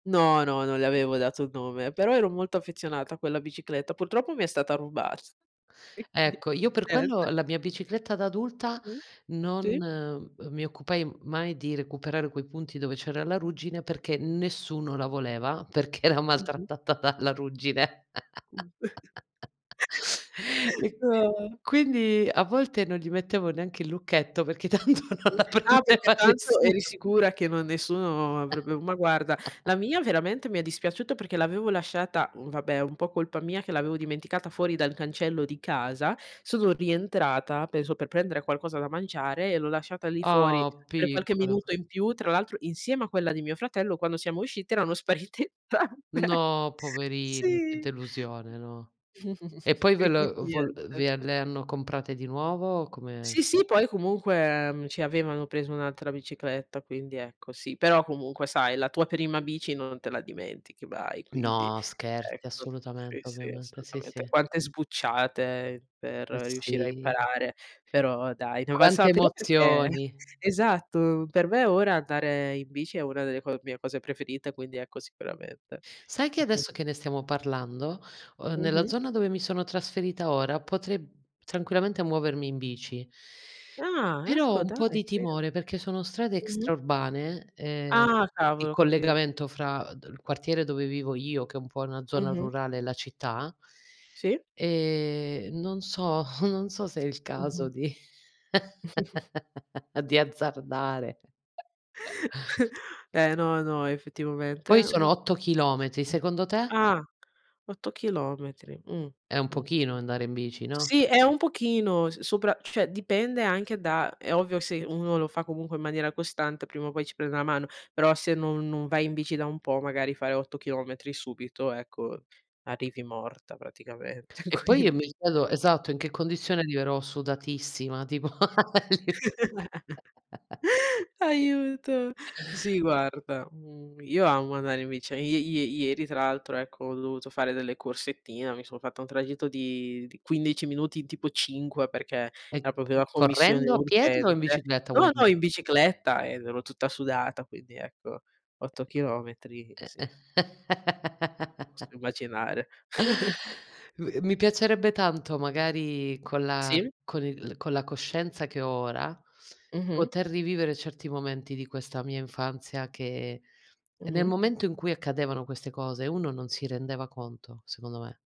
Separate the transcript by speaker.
Speaker 1: No, no, non le avevo dato un nome, però ero molto affezionata a quella bicicletta. Purtroppo mi è stata rubat
Speaker 2: Ecco, io per quello la
Speaker 1: [unintelligible]
Speaker 2: mia bicicletta da adulta
Speaker 1: Mh, sì.
Speaker 2: non mi occupai mai di recuperare quei punti dove c'era la ruggine, perché nessuno la
Speaker 1: [unintelligible]
Speaker 2: voleva, perché era
Speaker 1: Mh-mh.
Speaker 2: maltrattata dalla ruggine.
Speaker 1: [unintelligible]
Speaker 2: E
Speaker 1: No.
Speaker 2: quindi a volte non gli mettevo neanche il lucchetto, perché tanto non
Speaker 1: Mh-mh,
Speaker 2: la
Speaker 1: ah perché
Speaker 2: prendeva
Speaker 1: tanto
Speaker 2: nessuno.
Speaker 1: eri sicura che non nessuno avrebbe ma guarda, la mia veramente mi è dispiaciuto, perché l'avevo lasciata mhmm, vabbè è un po' colpa mia che l'avevo dimenticata fuori dal cancello di casa, sono rientrata, penso, per prendere qualcosa da mangiare e l'ho lasciata lì fuori,
Speaker 2: Oh,
Speaker 1: per qualche
Speaker 2: piccola.
Speaker 1: minuto in più. Tra l'altro, insieme a quella di mio fratello, quando siamo usciti erano sparite entrambe,
Speaker 2: No, poverini, che
Speaker 1: sì
Speaker 2: delusione, no. E poi
Speaker 1: E
Speaker 2: ve
Speaker 1: quindi
Speaker 2: l vo l
Speaker 1: niente.
Speaker 2: vi le hanno comprate di nuovo? Come
Speaker 1: Sì, sì, poi comunque, mhmm, ci avevano preso un'altra bicicletta, quindi ecco sì, però comunque sai la tua prima bici non te la dimentichi mai, quindi,
Speaker 2: No, scherzi,
Speaker 1: ecco, sì,
Speaker 2: assolutamente,
Speaker 1: sì,
Speaker 2: ovviamente. Sì,
Speaker 1: assolutamente.
Speaker 2: sì.
Speaker 1: Quante sbucciate per
Speaker 2: Eh
Speaker 1: riuscire a
Speaker 2: sì.
Speaker 1: imparare, però dai, ne è valsa la
Speaker 2: Quante
Speaker 1: pena perché
Speaker 2: emozioni.
Speaker 1: esatto, per me ora andare in bici è una delle co mie cose preferite, quindi ecco sicuramente.
Speaker 2: Sai che
Speaker 1: Mh-mh.
Speaker 2: adesso che ne stiamo parlando, uhm, nella
Speaker 1: Mh-mh.
Speaker 2: zona dove mi sono trasferita ora, potrei, mhmm, tranquillamente muovermi in bici
Speaker 1: Ah,
Speaker 2: però ho
Speaker 1: ecco
Speaker 2: un
Speaker 1: dai,
Speaker 2: po' di
Speaker 1: ve
Speaker 2: timore perché sono strade
Speaker 1: Mh-mh.
Speaker 2: extraurbane e
Speaker 1: Ah
Speaker 2: il
Speaker 1: cavolo, ho capi
Speaker 2: collegamento fra d il quartiere dove vivo io, che è po' una zona
Speaker 1: Mh-mh.
Speaker 2: rurale e la città
Speaker 1: Sì.
Speaker 2: e non so, non so se è il caso
Speaker 1: Mh-mh.
Speaker 2: di di azzardare.
Speaker 1: Eh no, no, effettivamente
Speaker 2: Poi sono 8 chilometri, secondo te?
Speaker 1: ah, 8 chilometri, mh,
Speaker 2: È un
Speaker 1: mh,
Speaker 2: pochino andare in bici, no?
Speaker 1: sì, è un pochino s sopra cioè dipende anche da è ovvio se uno lo fa comunque in maniera costante prima o poi ci prende una mano, però se non non vai in bici da un po', magari fare 8 chilometri subito, ecco, arrivi morta praticamente
Speaker 2: E poi io
Speaker 1: quindi
Speaker 2: mi chiedo esatto, in che condizione arriverò, sudatissima tipo a li
Speaker 1: Aiuto. Sì guarda, mhmm, io amo andare in bici, ie ie ieri tra l'altro, ecco, ho dovuto fare delle corsettine, mi sono fatta un tragitto di di 15 minuti in, tipo 5, perché
Speaker 2: E
Speaker 1: era proprio una commissione
Speaker 2: correndo, a piedi o in
Speaker 1: urgente.
Speaker 2: bicicletta,
Speaker 1: No,
Speaker 2: vuoi
Speaker 1: no,
Speaker 2: dire?
Speaker 1: in bicicletta ed ero tutta sudata quindi, ecco, 8 chilometri, sì. Posso immaginare.
Speaker 2: Mi piacerebbe tanto, magari con la
Speaker 1: Sì.
Speaker 2: con il con la coscienza che ho ora,
Speaker 1: Mh-mh.
Speaker 2: poter rivivere certi momenti di questa mia infanzia che, nel
Speaker 1: Mh-mh.
Speaker 2: momento in cui accadevano queste cose, uno non si rendeva conto, secondo me.